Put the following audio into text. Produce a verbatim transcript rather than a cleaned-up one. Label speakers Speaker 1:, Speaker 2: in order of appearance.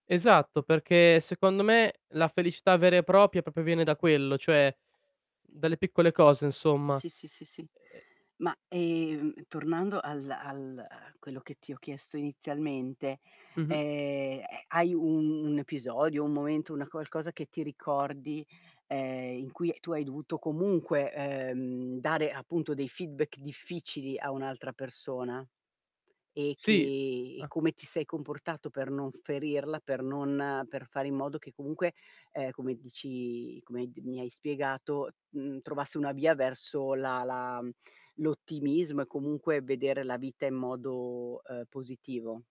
Speaker 1: Esatto, perché secondo me la felicità vera e propia popo viene da quello, cioè dalle piccole cose insomma.
Speaker 2: Sì, sì, sì, sì.
Speaker 1: E e
Speaker 2: Ma, ehm, tornando al al a quello che ti ho chiesto inizialmente,
Speaker 1: Mh-mh.
Speaker 2: ehm, eh, hai un episodio, un momento, una qualcosa che ti ricordi, ehm, in cui tu hai dovuto comunque, uhm, dare appunto dei feedback difficili a un'altra persona? E che
Speaker 1: Sì.
Speaker 2: e
Speaker 1: Ah.
Speaker 2: come ti sei comportato per non ferirla, per non uhm, per fare in modo che comunque, ehm, come dici come d mi hai spiegato, uhm, trovasse una via verso la la l'ottimismo e comunque vedere la vita in modo uhm, positivo.